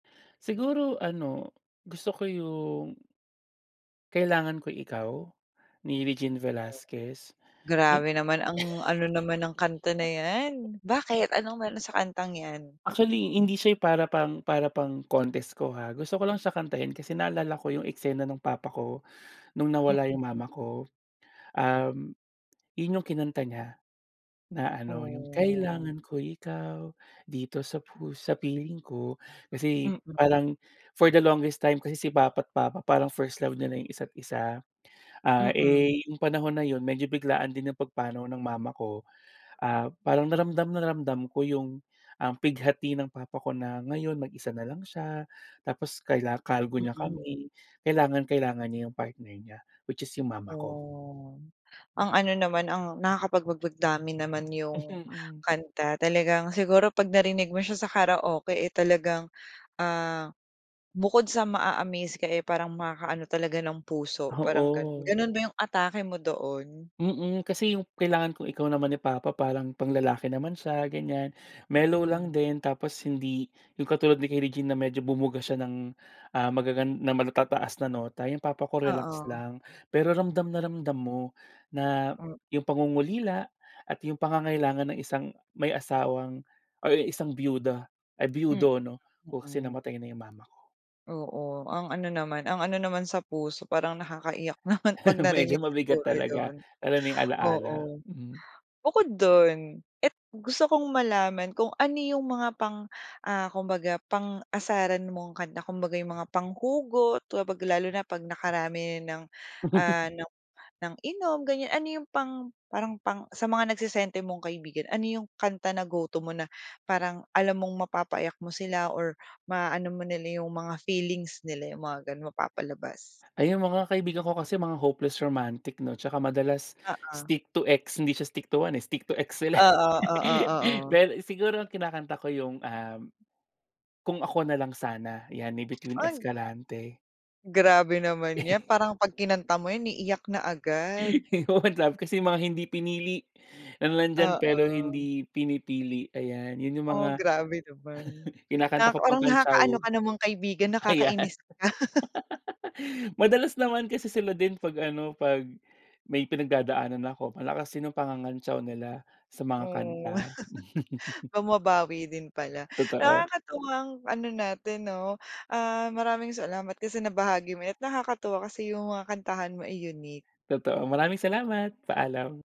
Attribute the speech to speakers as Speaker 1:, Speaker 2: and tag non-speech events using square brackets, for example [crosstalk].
Speaker 1: Siguro ano, gusto ko yung "Kailangan Ko'y Ikaw" ni Regine
Speaker 2: Oo.
Speaker 1: Velasquez. I
Speaker 2: Grabe naman ang ano naman ng kanta na
Speaker 1: [chuckles]
Speaker 2: 'yan. Bakit anong meron sa kantang 'yan?
Speaker 1: Actually hindi siya yung para pang para pang contest ko ha. Gusto ko lang sa kanta yun kasi naalala ko yung eksena nung papa ko nung nawala yung
Speaker 2: Mm.
Speaker 1: mama ko, um, yun yung kinanta niya na ano, yung
Speaker 2: Oh.
Speaker 1: kailangan ko ikaw dito sa pus sa piling ko kasi
Speaker 2: Mm.
Speaker 1: parang for the longest time kasi si papa't papa parang first love nila yung isa't isa. Ah,
Speaker 2: Mm.
Speaker 1: eh, yung panahon na yun medyo biglaan din ang pagpanaw ng mama ko, ah, parang na ramdam na ramdam ko yung, um, pighati ng papa ko na ngayon mag-isa nalang siya tapos kaila kargo niya
Speaker 2: Mm.
Speaker 1: kami. Kailangan kailangan niya yung partner niya which is yung mama ko.
Speaker 2: Oh, ang ano naman, ang nakakapagbagbag damdamin naman yung
Speaker 1: Mhm.
Speaker 2: kanta. Talagang siguro 'pag narinig mo siya sa karaoke, eh, talagang, ah, bukod sa maa-amaze ka, eh, parang makakaano talaga ng puso, parang gano'n.
Speaker 1: Oo.
Speaker 2: Gano'n ba yung atake mo doon?
Speaker 1: Mm. Kasi yung "Kailangan Ko'y Ikaw" naman ni papa parang panglalaki naman siya, ganyan. Mellow
Speaker 2: Mm.
Speaker 1: lang din tapos hindi yung katulad ni kay Regine na medyo bumuga siya ng, ah, magagan ng matataas na nota, yung papa ko relax
Speaker 2: Oo.
Speaker 1: lang. Pero ramdam na ramdam mo na
Speaker 2: M
Speaker 1: yung pangungulila at yung pangangailangan ng isang may asawang or ang isang biyuda ay
Speaker 2: M
Speaker 1: biyudo 'no, oo, kasi
Speaker 2: mm.
Speaker 1: namatay na yung mama ko.
Speaker 2: Oo. Ang ano naman, ang ano naman sa puso. Parang nakakaiyak naman 'pag
Speaker 1: [laughs] Medyo
Speaker 2: narinig
Speaker 1: mabigat
Speaker 2: siguro
Speaker 1: talaga
Speaker 2: yun.
Speaker 1: lalo na yung ala-ala,
Speaker 2: Oo.
Speaker 1: mm.
Speaker 2: Bukod dun at gusto kong malaman kung ano yung mga pang, ah, kumbaga pang-asaran mong kanta. Kumbaga yung mga panghugot, di ba, 'pag lalo na 'pag nakarami ng,
Speaker 1: [chuckles]
Speaker 2: ah, ng ng inom, ganyan. Ano yung pang parang pang sa mga nagse-senti mong kaibigan. Ano yung kanta na go to mo na parang alam mong mapapaiyak mo sila or maaano mo nila yung mga feelings nila yung mga gano'n, mapapalabas?
Speaker 1: Ay yung mga kaibigan ko kasi mga hopeless romantic 'no tsaka madalas
Speaker 2: Oo.
Speaker 1: stick to ex, hindi siya stick to one eh, stick to ex sila, eh.
Speaker 2: Oo, oo,
Speaker 1: [laughs]
Speaker 2: oo.
Speaker 1: Pero siguro ang kinakanta ko yung, um, Kung Ako Nalang Sana, 'yan ni Bituin
Speaker 2: Ay!
Speaker 1: Escalante.
Speaker 2: Grabe naman 'yan
Speaker 1: [chuckles]
Speaker 2: parang 'pag kinanta mo 'yan iiyak na agad.
Speaker 1: [laughs] Yung One Love kasi mga hindi pinili, yung nandiyan, pero
Speaker 2: Oo.
Speaker 1: hindi pinipili, ayan. Yun yung
Speaker 2: Oh,
Speaker 1: mga
Speaker 2: grabe naman
Speaker 1: [chuckles] kinakanta
Speaker 2: nakaka
Speaker 1: ko
Speaker 2: parang
Speaker 1: pangkantyaw,
Speaker 2: nakakaano ka namang kaibigan,
Speaker 1: ayan.
Speaker 2: nakakainis ka. [laughs]
Speaker 1: [laughs] Madalas naman kasi sila din 'pag ano, 'pag may pinagdadaanan ako malakas din ang pangangantyaw nila sa mga
Speaker 2: Oh,
Speaker 1: kanta.
Speaker 2: [laughs]
Speaker 1: [laughs]
Speaker 2: bumabawi din pala.
Speaker 1: Totoo.
Speaker 2: Nakakatuwang ano natin 'no, ah, maraming salamat kasi nabahagi mo 'yan at nakakatuwa kasi yung mga kantahan mo ay unique.
Speaker 1: Totoo, maraming salamat. Paalam.